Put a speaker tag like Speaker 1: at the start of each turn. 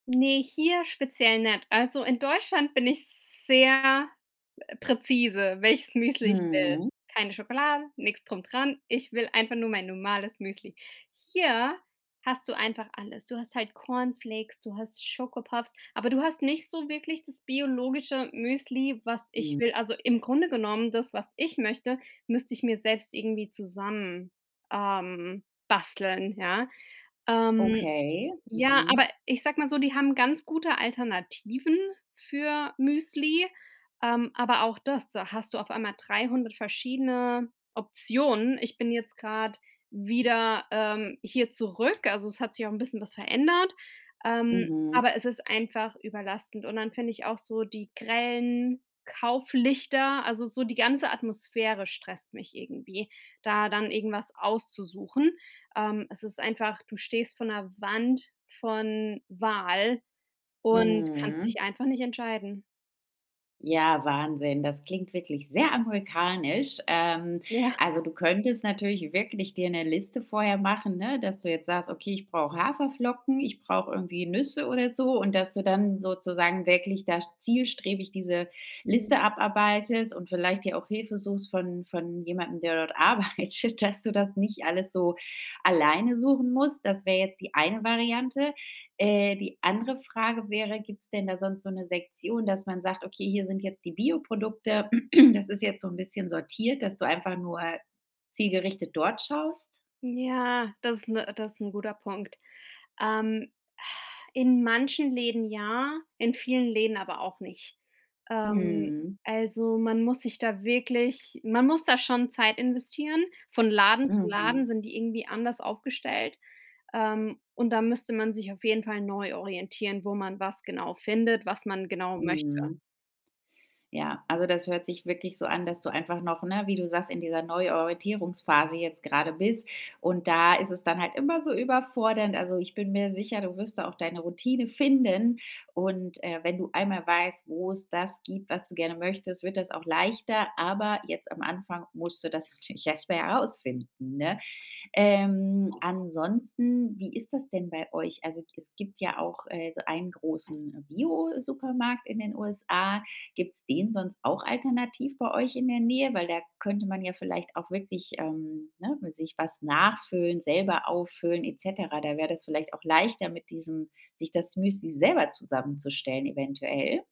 Speaker 1: Ne, hier speziell nicht. Also, in Deutschland bin ich sehr, äh, präzise, welches Müsli ich will.
Speaker 2: Mhm.
Speaker 1: Keine Schokolade, nix drum dran. Ich will einfach nur mein normales Müsli. Hier hast du einfach alles. Du hast halt Cornflakes, du hast Schokopuffs, aber du hast nicht so wirklich das biologische Müsli, was ich
Speaker 2: Hm.
Speaker 1: will. Also, im Grunde genommen das, was ich möchte, müsste ich mir selbst irgendwie zusammen ähm, basteln, ja. Ähm,
Speaker 2: Okay.
Speaker 1: ja,
Speaker 2: Mhm.
Speaker 1: aber ich sag mal so, die haben ganz gute Alternativen für Müsli, ähm, aber auch das da hast du auf einmal 300 verschiedene Optionen. Ich bin jetzt grad wieder, ähm, hier zurück. Also es hat sich auch 'n bisschen was verändert, ähm,
Speaker 2: Mhm.
Speaker 1: aber es ist einfach überlastend und dann finde ich auch so die grellen Kauflichter also, so die ganze Atmosphäre stresst mich irgendwie, da dann irgendwas auszusuchen. Ähm, es ist einfach du stehst vor 'ner Wand von Wahl und kannst
Speaker 2: Mhm.
Speaker 1: dich einfach nicht entscheiden.
Speaker 2: Ja, Wahnsinn, das klingt wirklich sehr amerikanisch. Ähm,
Speaker 1: Ja.
Speaker 2: also, du könntest natürlich wirklich dir 'ne Liste vorher machen, ne, dass du jetzt sagst: „Okay, ich brauche Haferflocken, ich brauche irgendwie Nüsse“ oder so. und, dass du dann sozusagen wirklich da zielstrebig diese
Speaker 1: Hm.
Speaker 2: Liste abarbeitest und vielleicht dir auch Hilfe suchst von von jemandem, der dort arbeitet, dass du das nicht alles so alleine suchen musst. Das wär jetzt die eine Variante. Äh, die andere Frage wäre: Gibt's denn da sonst so 'ne Sektion, dass man sagt: „Okay, hier sind jetzt die Bioprodukte. Das ist jetzt so 'n bisschen sortiert.“, dass du einfach nur zielgerichtet dort schaust?
Speaker 1: Ja, das ist 'ne das ist 'n guter Punkt. Ähm, in manchen Läden ja, in vielen Läden aber auch nicht. Ähm,
Speaker 2: Mhm.
Speaker 1: also, man muss sich da wirklich man muss da schon Zeit investieren. Von Laden zu
Speaker 2: Mhm.
Speaker 1: Laden sind die irgendwie anders aufgestellt, ähm, und dann müsste man sich auf jeden Fall neu orientieren, wo man was genau findet, was man genau möchte.
Speaker 2: Mhm. Ja, also, das hört sich wirklich so an, dass du einfach noch, ne, wie du sagst, in dieser neuen Orientierungsphase jetzt grade bist. Und da ist es dann halt immer so überfordernd. Also, ich bin mir sicher, du wirst da auch deine Routine finden und, äh, wenn du einmal weißt, wo's das gibt, was du gerne möchtest, wird das auch leichter. Aber jetzt am Anfang musst du das natürlich erst mal rausfinden, ne? Ähm, ansonsten, wie ist das denn bei euch? Also, g es gibt ja auch, äh, so einen großen Biosupermarkt in den USA. Gibt's den sonst auch alternativ bei euch in der Nähe? Weil da könnte man ja vielleicht auch wirklich, ähm, ne, mit sich was nachfüllen, selber auffüllen et cetera. Da wär das vielleicht auch leichter mit diesem sich das Müsli selber zusammenzustellen eventuell?